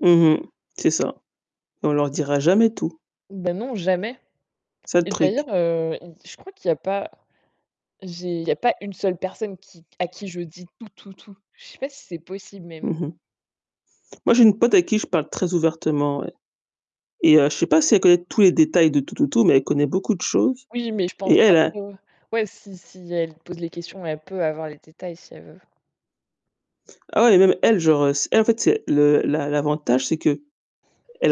Mmh mh, c'est ça. On leur dira jamais tout. Bah, non, jamais C'est ça le et d'ailleurs, truc. heu, je crois qu'il y a pas j'ai il y a pas une seule personne qui à qui je dis tout, tout, tout. Je sais pas si c'est possible Mmh même. mh. Moi j'ai une pote à qui je parle très ouvertement, ouais et je sais pas si elle connaît tous les détails de tout tout, mais elle connaît beaucoup de choses Oui, mais je et pense, elle a après, ouais, ouais, si si elle pose les questions, elle peut avoir les détails si elle veut. Ah oui, même elle, genre, heu, elle en fait c'est le l'a l'avantage, c'est qu'elle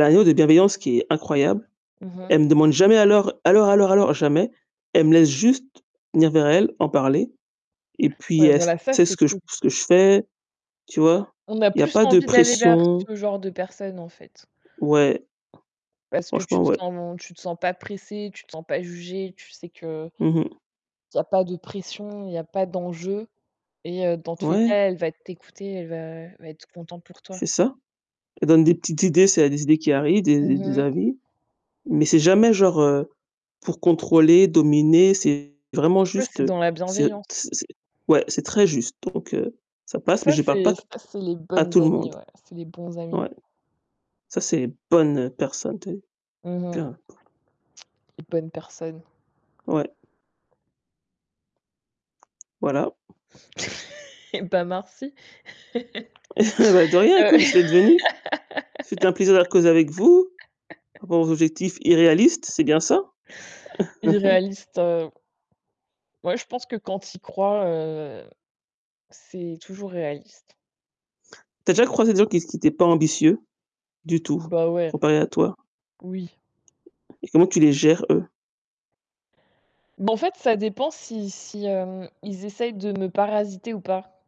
a un niveau de bienveillance qui est incroyable. Mmh mh. Elle demande jamais alors alors alors alors, jamais. Elle me laisse juste venir vers elle, en parler et puis, Ouais, elle voilà, ça, sait c'est ce que ce cool. que je fais, tu vois? On a Il y a plus pas de envie d'aller vers pression. ce genre de personne en fait. Ouais. Parce que tu Franchement te ouais. sens tu te sens pas pressé, tu te sens pas jugé, tu sais qu'il Mmh mh. y a pas de pression, il y a pas d'enjeu et dans tous les Ouais. cas, elle va t'écouter, elle va elle va être content pour toi. C'est ça. Elle donne des petites idées, s'il y a des idées qui arrivent, des Mmh des mh. avis, mais c'est jamais genre pour contrôler, dominer, c'est vraiment Ouais, c'est juste, dans la c'est bienveillance. c'est c'est ouais, c'est très juste, donc heu, ça passe, mais Ça, je parle c'est pas ça, c'est les à bonnes tout le amies, monde. ouais, c'est les bons amis. Ouais, ça, c'est bonne personne, tu sais. Mmh mh. [unintelligible] Les bonnes personnes. Ouais. Voilà. Et bah, merci. Bah de rien, Heu écoute, c'est devenu. C'est un plaisir d'avoir causé avec vous avec à propos de vos objectifs, c'est bien ça irréalistes, c'est bien ça? Irréaliste, heu Ouais, je pense que quand tu y crois, heu, c'est toujours réaliste. Tu as déjà croisé des gens qui s qui étaient pas ambitieux du tout, Bah, ouais, comparé à toi? oui. Et comment tu les gères, eux? Bah, en fait, ça dépend si si, heu, ils essayent de me parasiter ou pas.